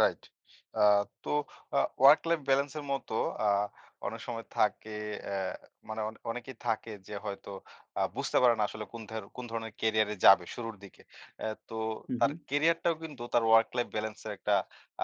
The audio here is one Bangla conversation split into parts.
রাইট। আ তো আ ওয়ার্ক লাইফ ব্যালেন্সের মত আ অনেক সময় থাকে অ্যা মানে অনেকে অনেকেই থাকে যে হয়তো আ বুঝতে পারে না আসলে কোন ধর কোন ধরনের ক্যারিয়ারে যাবে শুরুর দিকে। অ্যা তো হু, তার হুম। ক্যারিয়ারটাও কিন্তু তার ওয়ার্ক লাইফ ব্যালেন্সের একটা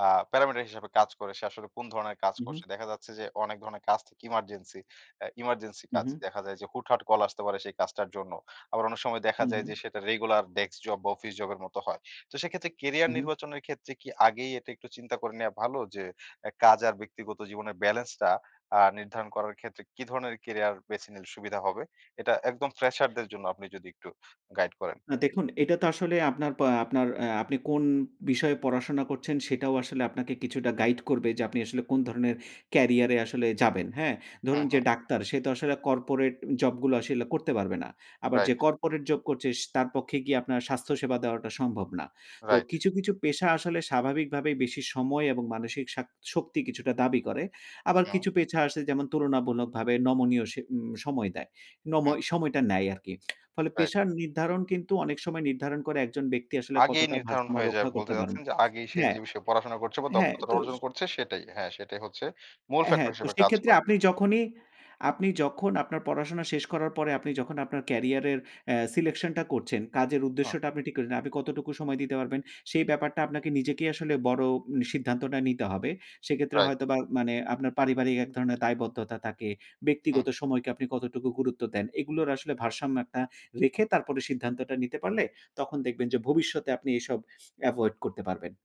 আ প্যারামিটার হিসাবে কাজ করে। সে আসলে কোন ধরনের কাজ হু, হু। করছে। দেখা যাচ্ছে যে অনেক ধরনের কাজ থাকে emergency অ্যা emergency হু, কাজ। হু। দেখা যায় যে হুটহাট কল আসতে পারে সেই কাজটার জন্য। আবার অনেক সময় দেখা হুম, যায় হুম। যে সেটা regular ডেস্ক জব বা অফিস জবের মতো হয়। তো সেক্ষেত্রে ক্যারিয়ার হুম। নির্বাচনের ক্ষেত্রে কি আগেই এটা একটু চিন্তা করে নেয়া ভালো যে এ কাজ আর ব্যক্তিগত জীবনের ব্যালেন্সটা আ নির্ধারণ করার ক্ষেত্রে কি ধরনের ক্যারিয়ার বেছে নিলে সুবিধা হবে? এটা একদম ফ্রেশারদের জন্য আপনি যদি একটু গাইড করেন। না, দেখুন এটা তো আসলে আপনার পা আপনার আ আপনি কোন বিষয়ে পড়াশোনা করছেন সেটাও আসলে আপনাকে কিছুটা গাইড করবে যে আপনি আসলে কোন ধরনের ক্যারিয়ারে আসলে যাবেন, হ্যাঁ? ধরুন হুম, যে হুম। ডাক্তার সে তো আসলে কর্পোরেট জবগুলো আসলে করতে পারবে না। আবার যে রাইট। কর্পোরেট জব করছে স তার পক্ষে গিয়ে আপনার স্বাস্থ্য সেবা দেওয়াটা সম্ভব না। তো রাইট। কিছু, কিছু পেশা আসলে স্বাভাবিকভাবেই বেশি সময় এবং মানসিক শাক শক্তি কিছুটা দাবি করে। আবার হুম। কিছু পেশা আসে যেমন তুলনামূলকভাবে নমনীয় স সময় দেয়। নম হুম। সময়টা নেয় আরকি। ফলে রাইট। পেশা নির্ধারণ কিন্তু অনেক সময় নির্ধারণ করে একজন ব্যক্তি আসলে আগেই কতটা নির্ধারণ ভারসাম্য হয়ে যায় রক্ষা করতে বলতে পারেন। চাচ্ছেন যে আগেই সে হ্যাঁ, যে বিষয়ে পড়াশোনা করছে বা হ্যাঁ দক্ষতাটা তো অর্জন স করছে সেটাই। হ্যাঁ, সেটাই হচ্ছে মূল হ্যাঁ। ফ্যাক্টর তো হিসেবে কাজ সেক্ষেত্রে করে। আপনি যখনই আপনি যখন আপনার পড়াশোনা শেষ করার পরে আপনি যখন আপনার ক্যারিয়ারের অ্যা selection টা করছেন কাজের হুম। উদ্দেশ্যটা আপনি ঠিক করলেন, আপনি কতটুকু সময় দিতে পারবেন সেই ব্যাপারটা আপনাকে নিজেকেই আসলে বড় সিদ্ধান্তটা নিতে হবে। সেক্ষেত্রে রাইট। হয়তোবা মানে আপনার পারিবারিক এক ধরণের দায়বদ্ধতা থাকে। হুম। ব্যক্তিগত সময়কে আপনি কতটুকু গুরুত্ব দেন। এগুলোর আসলে ভারসাম্য একটা রেখে তারপরে সিদ্ধান্তটা নিতে পারলে তখন দেখবেন যে ভবিষ্যতে আপনি এসব এভয়েড করতে পারবেন।